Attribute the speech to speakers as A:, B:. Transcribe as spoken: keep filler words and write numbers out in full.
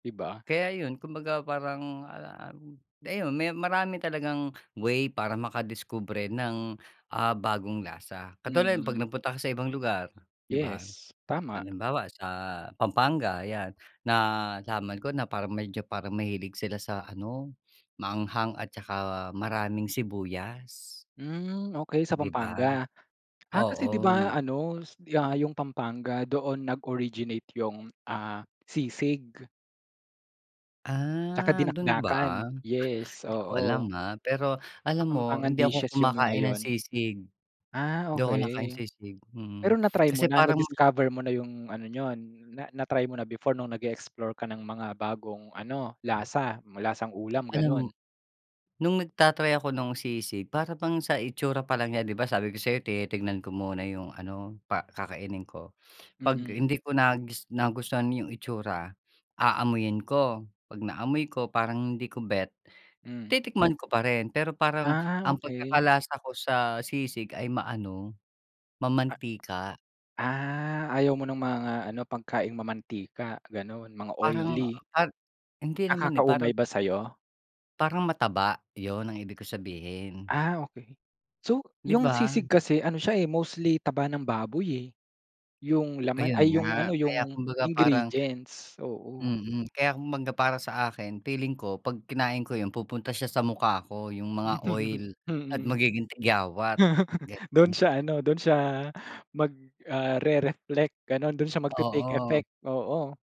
A: 'Di ba?
B: Kaya 'yon, kumbaga parang, ah, um, ayun, may marami talagang way para makadiskubre ng, ah, bagong lasa. Katulad, 'pag
A: Mm.
B: nagpunta ka sa ibang lugar, 'di ba?
A: Yes, tama.
B: Halimbawa sa Pampanga, ayan, nalaman ko na parang medyo parang mahilig sila sa ano, maanghang at tsaka maraming sibuyas.
A: Hmm, okay sa
B: 'Di ba,
A: Pampanga? Ah, kasi 'di ba
B: oo.
A: ano, s yeah, yung Pampanga doon nag-originate yung, ah, sisig. Tsaka
B: Ah, do'n ba?
A: dinakdakan, yes,
B: Hindi ko alam,
A: oo.
B: ah. Pero, alam mo,
A: Kapampangan
B: hindi ako
A: dishes yung mga
B: kumakain ng
A: 'yon.
B: sisig.
A: Ah,
B: 'Di ako nakain
A: okay.
B: sisig, mm.
A: Pero na-try mo
B: Kasi
A: na,
B: parang
A: na-discover mo na yung ano niyon, na na-try mo na before no'ng nag-e-explore ka ng mga bagong ano,
B: Hmm.
A: lasa? Hmm, lasang-ulam,
B: Alam mo
A: gano'n?
B: no'ng nagta-try ako no'ng sisig, para bang sa itsura pa lang niya- 'di ba, sabi ko sayo tinitingnan ko muna yung ano, pa kakainin ko- 'Pag
A: Mm.
B: hindi ko nagus nagustuhan yung itsura, aamuyin ko. 'Pag naamoy ko, parang hindi ko bet,
A: Hmm.
B: titikman ko pa rin, pero parang,
A: Ah,
B: ang
A: okay.
B: pagkakalasa ko sa sisig, ay maano,
A: A
B: mamantika.
A: ah, ayaw mo no'ng mga ano, pagkaing mamantika gano'n, mga
B: Parang
A: oily.
B: pa hindi naman eh,
A: Nakakaumay
B: parang
A: ba sa'yo?
B: Parang mataba, 'yon ang ibig ko sabihin.
A: Ah, okay. So,
B: 'Di
A: yung
B: ba?
A: sisig kasi, ano siya eh, mostly taba ng baboy eh. Yung laman
B: Ayun
A: ay, yung
B: nga,
A: ano,
B: kaya
A: yung
B: kumbaga parang
A: ingredients, oo.
B: mm, kaya kumbaga para sa akin, feeling ko, 'pag kinain ko yung pupunta siya sa mukha ko, yung mga oil, at
A: Mm.
B: magiging tigyawat,
A: Do'n
B: gano'n.
A: siya ano, do'n siya, mag, ah, re-reflect, gano'n. Do'n siya mag-ti-take
B: Oo.
A: effect, oo.